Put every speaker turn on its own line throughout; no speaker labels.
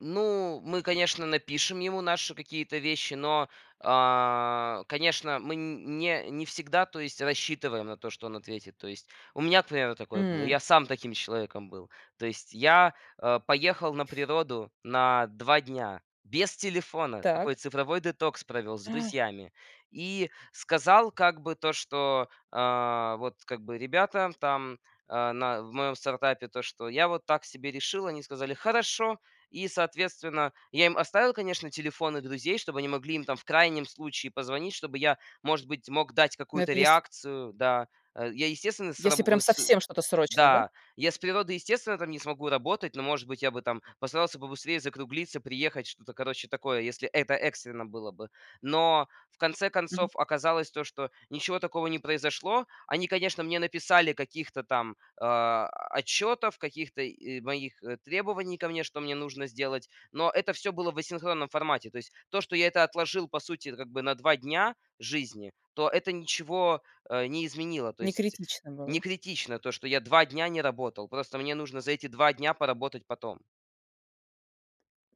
Ну, мы, конечно, напишем ему наши какие-то вещи, но, а, конечно, мы не не всегда, то есть рассчитываем на то, что он ответит. То есть у меня, к примеру, такое было.
М.
Я сам таким человеком был. То есть я, а, поехал на природу на 2 дня без телефона. Такой
Так.
цифровой детокс провел с
Э.
друзьями. И сказал, как бы то, что, а, вот как бы ребята там, а, на в моем стартапе то, что я вот так себе решил. Они сказали: "Хорошо". И, соответственно, я им оставил, конечно, телефоны друзей, чтобы они могли им там в крайнем случае позвонить, чтобы я, может быть, мог дать
Но
какую-то
это если
реакцию, да, а, я, естественно, с раб
если прям
вот, с
совсем что-то срочное, да?
Да, я с природой, естественно, там не смогу работать, но, может быть, я бы там постарался побыстрее закруглиться, приехать, что-то, короче, такое, если это экстренно было бы. Но в конце
Мгм.
концов оказалось то, что ничего такого не произошло. Они, конечно, мне написали каких-то там, а, отчетов, каких-то и моих, э, требований ко мне, что мне нужно сделать, но это всё было в асинхронном формате. То есть то, что я это отложил по сути как бы на 2 дня жизни, то это ничего, э, не изменило. То
Не
есть
критично
не
было.
критично то, что я 2 дня не работал. Просто мне нужно за эти 2 дня поработать потом.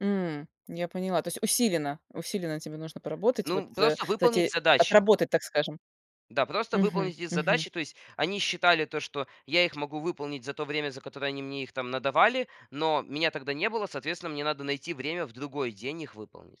М, я поняла. То есть усиленно, усиленно тебе нужно поработать. Вот,
Ну,
э,
просто выполнить
эти
задачи.
отработать, так скажем.
Да, просто
Мгм,
выполнить эти
мгм.
задачи. То есть они считали то, что я их могу выполнить за то время, за которое они мне их там надавали, но меня тогда не было. Соответственно, мне надо найти время в другой день их выполнить.